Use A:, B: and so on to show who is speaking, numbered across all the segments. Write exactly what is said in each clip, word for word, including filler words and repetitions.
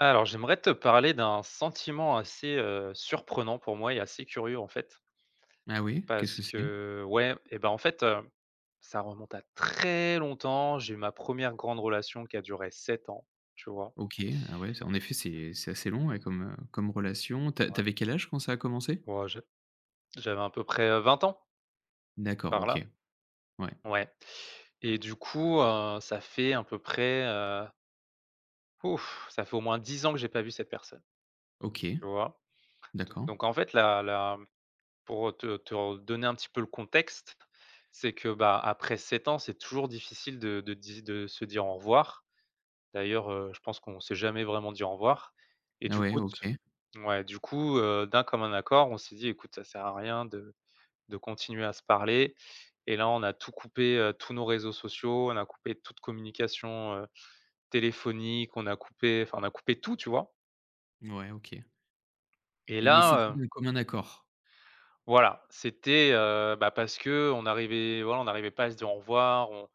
A: Alors, j'aimerais te parler d'un sentiment assez, heu, surprenant pour moi et assez curieux, en fait
B: Ah oui, qu'est-ce
A: parce
B: que c'est?
A: que ouais et ben, en fait, heu, ça remonte à très longtemps, j'ai eu ma première grande relation qui a duré sept ans, tu vois?
B: OK, ah ouais, c'est, en effet, c'est c'est assez long, ouais, comme, heu, comme relation. Tu as tu
A: Ouais.
B: avais quel âge quand ça a commencé?
A: Ouais, je j'avais à peu près, heu, vingt ans
B: D'accord,
A: par
B: OK.
A: là.
B: Ouais.
A: Ouais et du coup, heu, ça fait à peu près, heu ouf ça fait, au moins dix ans que j'ai pas vu cette personne.
B: OK.
A: Tu vois? D
B: D'accord.
A: donc, en fait, la la, pour, heu, te te re donner un petit peu le contexte, c'est que, bah, après sept ans, c'est toujours difficile de de di de se dire au revoir, d'ailleurs, heu, je pense qu'on s'est jamais vraiment dit au revoir et
B: Ah
A: du
B: ouais,
A: coup t
B: OK.
A: ouais du coup, heu, d'un commun accord, on s'est dit: «Écoute, ça sert à rien de de continuer à se parler». Et là, on a tout coupé, heu, tous nos réseaux sociaux, on a coupé toute communication, heu, téléphonique, on a coupé, enfin, on a coupé tout, tu vois?
B: Ouais, OK.
A: Et
B: et mais c'était
A: là, heu
B: de commun accord?
A: Voilà. C'était, heu, ben, parce que, on n'arrivait voilà, on n'arrivait pas à se dire au revoir. On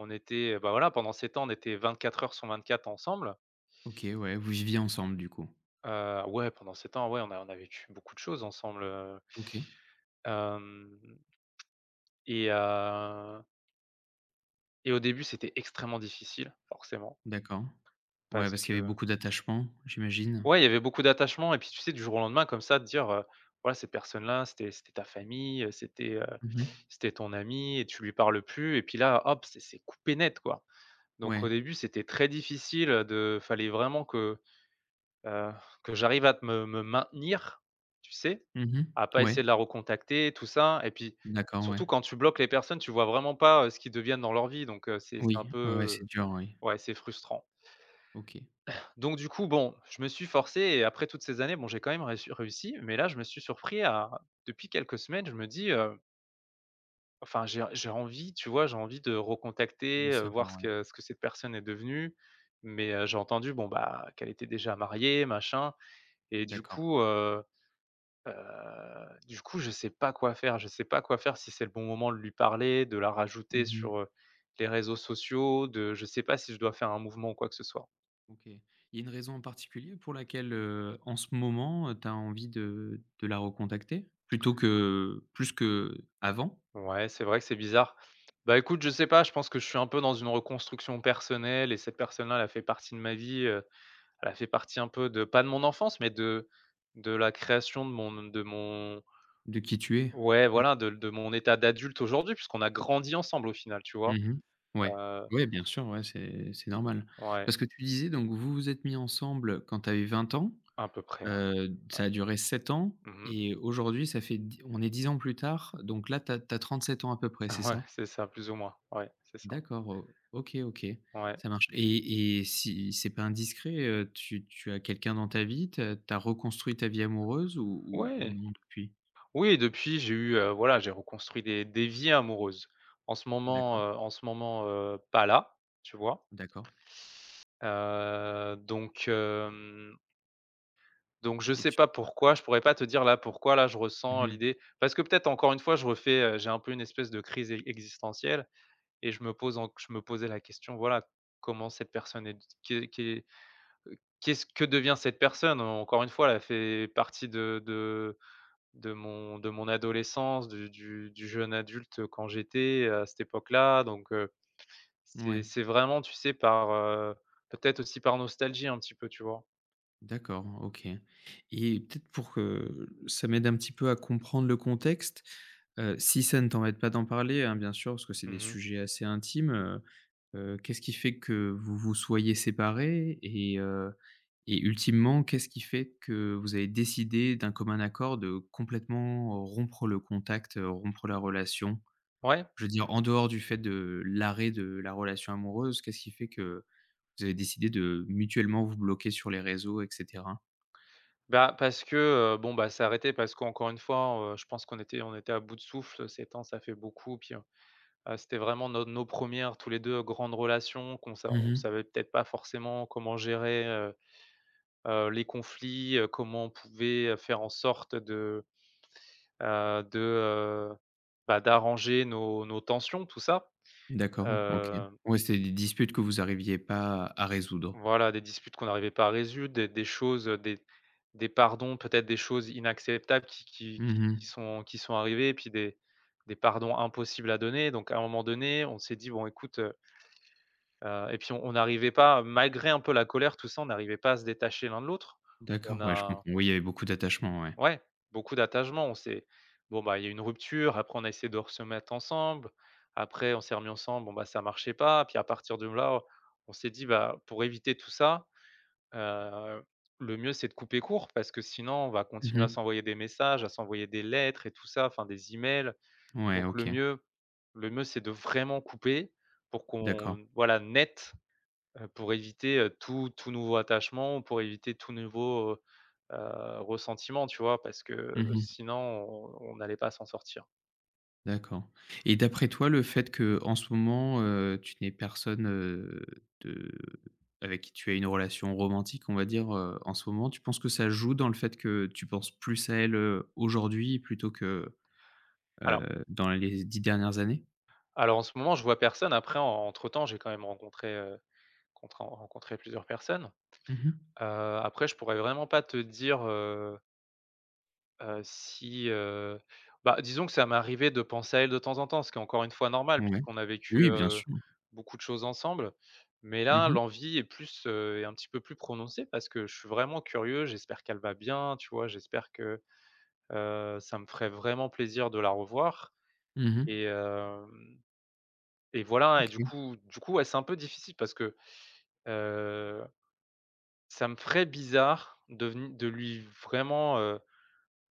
A: on était, ben, voilà pendant ces temps, on était vingt-quatre heures sur vingt-quatre ensemble.
B: OK, ouais, vous viviez ensemble, du coup?
A: Heu, ouais, pendant sept ans, ouais on a on a vécu beaucoup de choses ensemble, heu
B: OK.
A: hem et heu et au début, c'était extrêmement difficile, forcément
B: D'accord, ouais,
A: parce
B: parce qu'il y avait
A: que
B: beaucoup d'attachement, j'imagine?
A: Ouais, il y avait beaucoup d'attachement et puis, tu sais, du jour au lendemain, comme ça, te dire heu: «Voilà cette personne-là, c'était c'était ta famille, c'était, heu,
B: Mmh mh.
A: c'était ton amie et tu lui parles plus et puis là, hop, c'est c'est coupé net, quoi.» Donc
B: Ouais.
A: au début, c'était très difficile, heu, de fallait vraiment que, heu, que j'arrive à t me me maintenir, tu sais?
B: Mmh mh.
A: À pas essayer
B: Ouais.
A: de la recontacter, tout ça et puis,
B: D'accord,
A: surtout
B: ouais.
A: quand tu bloques les personnes, tu vois vraiment pas, heu, ce qu'ils deviennent dans leur vie. Donc heu, c'est c'est un
B: Oui, ouais, ouais, c'est
A: peu,
B: dur, oui.
A: ouais, c'est frustrant.
B: OK.
A: Donc du coup, bon, je me suis forcé et après toutes ces années, bon, j'ai quand même réu réussi mais là, je me suis surpris à depuis quelques semaines, je me dis heu Enfin j'ai en j'ai envie tu vois, j'ai envie de
B: De
A: recontacter, heu,
B: savoir,
A: voir ce
B: ouais.
A: que ce que cette personne est devenue mais, heu, j'ai entendu bon, bah, qu'elle était déjà mariée machin et du
B: D'accord.
A: coup, heu heu du coup je sais pas quoi faire je sais pas quoi faire, si c'est le bon moment de lui parler, de la
B: Mmh
A: rajouter
B: mh.
A: sur, heu, les réseaux sociaux de je sais pas si je dois faire un mouvement ou quoi que ce soit.
B: OK. Il y a une raison en particulier pour laquelle, heu, en ce moment, heu, tu as envie de de la recontacter plutôt que plus qu'avant?
A: Ouais, c'est vrai que c'est bizarre. Bah, écoute je sais pas, je pense que je suis un peu dans une reconstruction personnelle et cette personne là elle a fait partie de ma vie, heu, elle a fait partie un peu de pas de mon enfance mais de de la création de mon n de mon
B: De qui tu es
A: ouais
B: Mmh
A: voilà de de mon état d'adulte aujourd'hui, puisqu'on a grandi ensemble au final, tu vois?
B: Mmh mh. Ouais,
A: Heu
B: ouais, bien sûr, ouais, c'est c'est normal.
A: Ouais.
B: Parce que tu disais donc vous vous êtes mis ensemble quand tu avais vingt ans.
A: Un peu près, ouais.
B: Heu, d ça a duré sept ans
A: Mmh mh.
B: et aujourd'hui, ça fait d on est dix ans plus tard, donc là tu as tu as trente sept ans à peu près, c'est
A: Ouais,
B: ça?
A: c'est ça plus ou moins ouais, c'est ça.
B: D'accord o OK, OK,
A: Ouais.
B: ça marche et et si c'est pas indiscret, heu, tu tu as quelqu'un dans ta vie? Tu as tu as reconstruit ta vie amoureuse ou ou ou
A: Ouais.
B: non depuis?
A: Oui depuis j'ai eu, heu, voilà j'ai reconstruit des des vies amoureuses. En ce moment,
B: D'accord.
A: heu, en ce moment, heu, pas là tu vois?
B: D'accord.
A: Heu donc, hem donc je
B: Et
A: sais
B: tu
A: pas pourquoi, je pourrais pas te dire, là, pourquoi là je
B: Mmh
A: ressens
B: mh.
A: l'idée. Parce que peut-être encore une fois je refais, heu, j'ai un peu une espèce de crise e existentielle et je me pose enc je me posais la question, voilà: «Comment cette personne est d qu'est qu'est, heu, qu'est ce que devient cette personne?» Encore une fois elle a fait partie de de de mon de mon adolescence du du du jeune adulte quand j'étais à cette époque là donc, heu, c'est
B: Mouais.
A: c'est vraiment tu sais par, heu, peut-être aussi par nostalgie un petit peu, tu vois?
B: D'accord. OK et peut-être pour que, ça m'aide un petit peu à comprendre le contexte, heu, si ça ne t'embête pas d'en parler, hein, bien sûr, parce que c'est
A: Mmh
B: des
A: mh.
B: sujets assez intimes, heu heu, qu'est-ce qui fait que vous vous soyez séparés et heu et ultimement, qu'est-ce qui fait que vous avez décidé d'un commun accord de complètement, heu, rompre le contact, rompre la relation?
A: Ouais.
B: Je veux dire en dehors, du fait de, l'arrêt de la relation amoureuse, qu'est-ce qui fait que, vous avez décidé de mutuellement vous bloquer sur les réseaux et cetera?
A: Ben, parce que, heu, bon bah, c'est arrêté parce qu'encore une fois, heu, je pense qu'on était, on était à bout de souffle, sept ans ça fait beaucoup, puis, heu heu, c'était vraiment nos nos premières, tous les deux, grandes relations qu'on sa
B: Mmh
A: on
B: mh.
A: savait peut-être pas forcément comment gérer, heu heu, les conflits, heu, comment on pouvait faire en sorte de, heu de, heu, bah, d'arranger nos nos tensions, tout ça,
B: D'accord, OK.
A: hem
B: Ouais, c'est des disputes que vous arriviez pas à à résoudre.
A: Voilà des disputes qu'on n'arrivait pas à résude, des des choses, heu, des des pardons peut-être, des choses inacceptables qui qui
B: Mmh
A: qui qui
B: mh.
A: sont qui sont arrivées et puis des des pardons impossibles à donner. Donc à un moment donné on s'est dit: «Bon écoute» heu heu et puis on on n'arrivait pas malgré un peu la colère tout ça, on n'arrivait pas à se détacher l'un de l'autre, on
B: D'accord, ouais, je com
A: a
B: oui, il y avait beaucoup d'attachement, ouais.
A: Ouais, beaucoup d'attachement, on s'est bon, bah, il y a une rupture après on a essayé de re se mettre ensemble après on s'est remis ensemble bon bah, ça marchait pas puis à partir de là, on s'est dit: «Bah, pour éviter tout ça, heu, le mieux, c'est de couper court parce que sinon on va
B: Mmh
A: continuer à
B: mh.
A: s'envoyer des messages, à s'envoyer des lettres et tout ça, enfin des emails.
B: Ouais,
A: Donc le
B: OK.
A: mieux, le mieux c'est de vraiment couper pour
B: D'accord.
A: qu'on voilà net, heu, pour éviter, heu, tout tout nouveau attachement, ou pour éviter tout nouveau, heu heu, ressentiment». Tu vois? Parce que
B: Mmh mh.
A: sinon on on n'allait pas s'en sortir.
B: D'accord. Et d'après toi, le fait qu'en ce moment, heu, tu n'aies personne, heu, de avec qui tu as une relation romantique, on va dire, heu, en ce moment, tu penses que ça joue dans le fait que tu penses plus à elle, heu, aujourd'hui plutôt que, heu,
A: Alors
B: dans les dix dernières années?
A: Alors, en ce moment, je vois personne. Après, en entre temps, j'ai quand même rencontré, heu, contré rencontré plusieurs personnes.
B: Mmh mh.
A: Heu, après, je pourrais vraiment pas te dire, heu heu, si, heu, bah, disons que ça m'est arrivé de penser à elle, de temps en temps, ce qui est encore, une fois normal,
B: Ouais.
A: puisqu'on a vécu,
B: Oui, bien
A: heu,
B: sûr.
A: beaucoup de choses ensemble mais,
B: Mmh
A: là,
B: mh.
A: l'envie est plus, heu, est un petit peu plus prononcée parce que je suis vraiment curieux. J'espère qu'elle va bien, tu vois? J'espère que heu ça me ferait vraiment plaisir de la revoir
B: Mmh mh.
A: et hem, et voilà, et du
B: OK.
A: coup, du coup, ouais, c'est un peu difficile parce que, heu ça me ferait bizarre de veni de lui, vraiment, heu,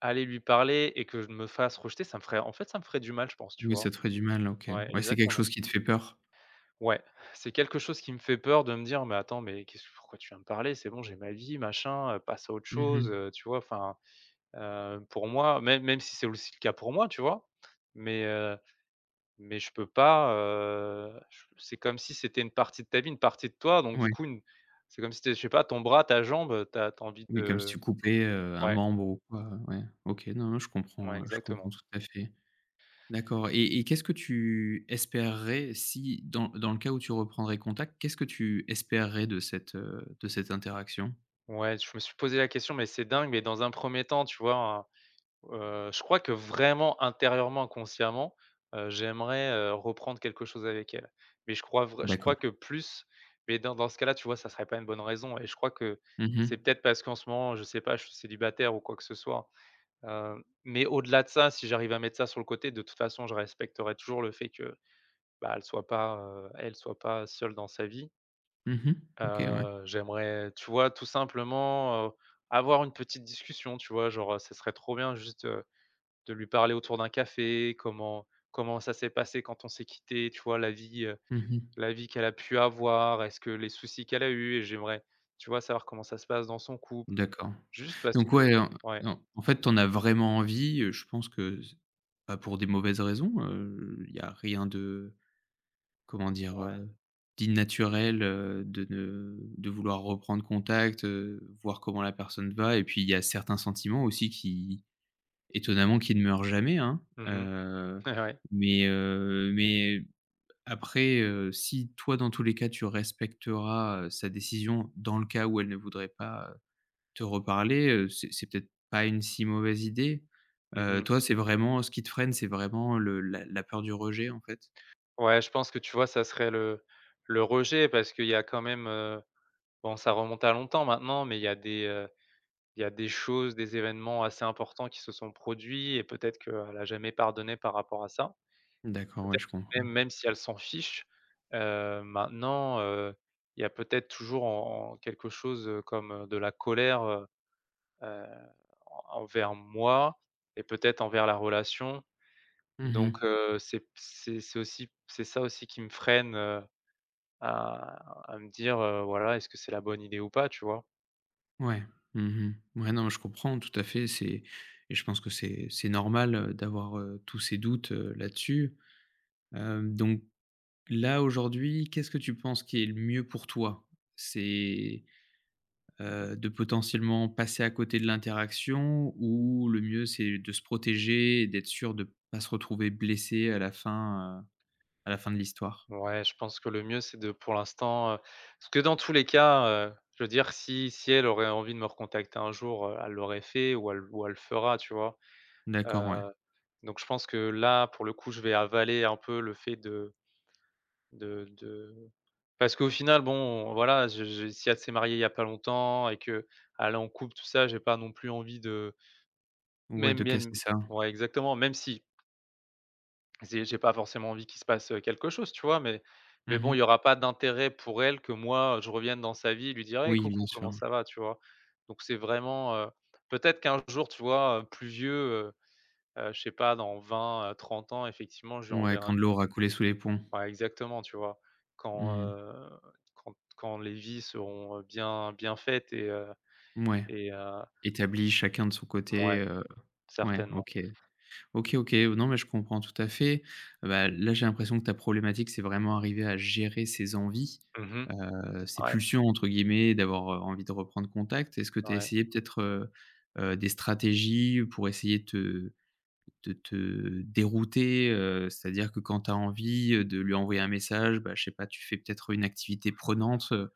A: aller lui parler et que je me fasse rejeter. Ça me ferait, en fait, ça me ferait du mal, je pense, tu
B: Oui, ça
A: vois?
B: te ferait du mal. OK.
A: Ouais,
B: Ouais, c'est quelque
A: exactement.
B: chose qui te fait peur?
A: Ouais. C'est quelque chose qui me fait peur de me dire: «Mais, attends, mais qu'est-ce que pourquoi tu viens de parler? C'est bon, j'ai ma vie, machin, heu, passe à autre
B: Mmh
A: chose,
B: mh.
A: heu», tu vois? Enfin, heu, pour moi, même même si c'est aussi le cas pour moi, tu vois? Mais heu, mais je peux pas, heu, je s c'est comme si c'était une partie de ta vie, une partie de toi, donc du
B: Oui.
A: coup, une c'est comme si c'était, je sais pas, ton bras, ta jambe, heu, tu as tu as envie
B: Oui,
A: de,
B: comme si tu
A: heu
B: coupais, heu, un
A: ouais.
B: membre ou quoi. Ouais. OK. Non, non, je
A: Ouais,
B: comprends, heu, je comprends
A: exactement.
B: tout à fait. D'accord et et qu'est-ce que tu espérerais, si, dans dans le cas où tu reprendrais contact, qu'est-ce que tu espérerais de cette, heu, de cette interaction?
A: Ouais. Je me suis posé la question mais c'est dingue, mais dans un premier temps, tu vois, en heu, je crois que, vraiment, intérieurement, inconsciemment, heu, j'aimerais, heu, reprendre quelque chose avec elle. Mais, je crois vrai je
B: D'accord.
A: crois que plus, mais dans dans ce cas-là, tu vois, ça serait pas une bonne raison et je crois que
B: Mmh
A: c'est
B: mh.
A: peut-être parce qu'en ce moment, je sais pas, je suis célibataire ou quoi que ce soit, hem, mais au-delà de ça, si j'arrive à mettre ça sur le côté, de toute façon, je respecterai toujours le fait que, bah, elle soit pas, heu, elle soit pas seule dans sa vie
B: Mmh mh. OK. Ouais.
A: heu, j'aimerais, tu vois, tout simplement, heu, avoir une petite discussion, tu vois? Genre, heu, ça serait trop bien juste, heu, de lui parler autour d'un café. Comment comment ça s'est passé quand on s'est quitté, tu vois? La vie, heu,
B: Mmh mh.
A: la vie qu'elle a pu avoir. Est-ce que les soucis qu'elle a eus? Et j'aimerais, tu vois, savoir comment ça se passe dans son couple,
B: D'accord.
A: juste parce
B: Donc,
A: que
B: ouais, en
A: ouais.
B: non, en fait, tu en as vraiment envie, heu, je pense que ç pas pour des mauvaises raisons, heu, il y a rien de, comment dire?
A: Ouais.
B: Heu, d'inanaturel, heu, de ne de vouloir reprendre contact, heu, voir comment la personne va et puis, il y a certains sentiments aussi qui, étonnamment, qui ne meurent jamais, hein.
A: Mmh mh.
B: Heu
A: Et ouais!
B: mais heu, mais après, heu, si toi, dans tous les cas, tu respecteras, heu, sa décision, dans le cas où elle ne voudrait pas, heu, te reparler, heu, c'est c'est peut-être pas une si mauvaise idée.
A: Mmh
B: Heu,
A: mh.
B: toi, c'est vraiment ce qui te freine, c'est vraiment le la la peur du rejet, en fait?
A: Ouais. Je pense que, tu vois, ça serait le le rejet parce qu'il y a, quand même, heu, bon, ça remonte à longtemps maintenant, mais il y a des, heu, il y a des choses, des évènements assez importants qui se sont produits et peut-être qu'elle a jamais pardonné par rapport à ça.
B: D'accord. Ouais,
A: Peut-être,
B: je comprends.
A: même même si elle s'en fiche, heu, maintenant, heu, il y a peut-être toujours en en quelque chose, heu, comme de la colère, heu heu, en envers moi et peut-être envers la relation,
B: Mmh
A: donc
B: mh.
A: heu, c'est p c'est c'est aussi c'est ça aussi qui me freine, heu, à à me dire heu, voilà: «Est-ce que c'est la bonne idée ou pas?», tu vois?
B: Mouais. Mmh mh. Mouais. Non mais je comprends. Tout à fait, c'est et je pense que c'est c'est normal, heu, d'avoir, heu, tous ces doutes, heu, là-dessus. Hem, donc là aujourd'hui, qu'est-ce que tu penses qui est le mieux pour toi? C'est, heu, de potentiellement passer à côté de l'interaction? Ou le mieux c'est de se protéger et d'être sûr de pas se retrouver blessé à la fin, heu, à la fin de l'histoire?
A: Ouais, je pense que le mieux c'est de pour l'instant, heu, parce que dans tous les cas, heu, je veux dire, si si elle aurait envie de me recontacter un jour, heu, elle l'aurait fait ou elle ou elle le fera tu vois?
B: D'accord ouais.
A: Heu, donc je pense que là, pour le coup, je vais avaler un peu le fait de de de parce qu'au final bon, voilà, je j'ai si elle s'est mariée il y a pas longtemps, et qu'elle est en couple tout ça j'ai pas non plus envie de
B: Ouais,
A: même
B: de casser
A: même
B: ça.
A: ouais exactement même si j'ai j'ai pas forcément envie qu'il se passe, heu, quelque chose, tu vois? Mais
B: Mmh
A: mais bon, il y
B: mh.
A: aura pas d'intérêt pour elle que moi je revienne dans sa vie, lui dire: «Hey
B: Oui, bien
A: coucou
B: sûr,
A: comment ça
B: ouais.
A: va?» tu vois? Donc c'est vraiment, heu, peut-être qu'un jour, tu vois, heu, plus vieux, heu heu, je sais pas dans vingt, heu, trente ans effectivement je lui
B: Ouais.
A: enverrai
B: Quand
A: un
B: de l'eau aura coulé sous les ponts.
A: Ouais exactement, tu vois?
B: Mmh
A: Quand,
B: mh.
A: heu, quand quand les vies seront, heu, bien bien faites et heu,
B: Mouais.
A: et heu
B: Établi chacun de son côté,
A: Mouais.
B: heu, ouais,
A: Certainement.
B: OK. OK, OK. Non mais je comprends tout à fait. Bah, là, j'ai l'impression que ta problématique, c'est vraiment arriver à gérer ces envies,
A: Mmh mh.
B: heu, ces
A: Ouais.
B: «pulsions» entre guillemets d'avoir, heu, envie de reprendre contact. Est-ce que tu as
A: Ouais.
B: essayé peut-être, heu heu, des stratégies pour essayer de te de te dérouter? Heu, c'est-à-dire que quand tu as envie, heu, de lui envoyer un message, bah je sais pas, tu fais peut-être une activité prenante, heu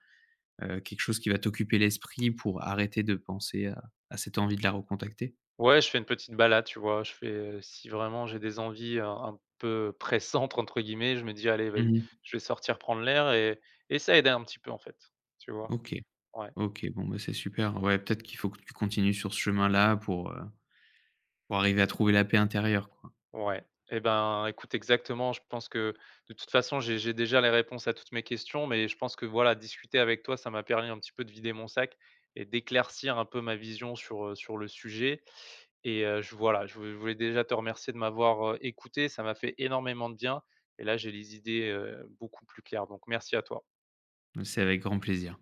B: heu, quelque chose qui va t'occuper l'esprit pour arrêter de penser à à cette envie de la recontacter?
A: Ouais, je fais une petite balade, tu vois? Je fais, heu, si vraiment j'ai des envies, heu, un peu «pressantes» entre guillemets, je me dis: «Allez, va
B: Mmh
A: s'y,
B: mh.
A: je vais sortir prendre l'air» et et ça aidait un petit peu en fait. Tu vois?
B: OK.
A: Ouais.
B: OK, bon, bah, c'est super. Ouais, peut-être qu'il faut que tu continues sur ce chemin-là pour, heu, pour arriver à trouver la paix intérieure quoi.
A: Ouais, et ben, écoute exactement. Je pense que de toute façon j'ai j'ai déjà les réponses à toutes mes questions, mais je pense que, voilà, discuter avec toi ça m'a permis un petit peu de vider mon sac et d'éclaircir un peu ma vision sur, heu, sur le sujet, et heu, j voilà, je je voulais déjà te remercier de m'avoir, heu, écouté. Ça m'a fait énormément de bien, et là j'ai les idées, heu, beaucoup plus claires donc merci à toi.
B: Mmh, c'est avec grand plaisir.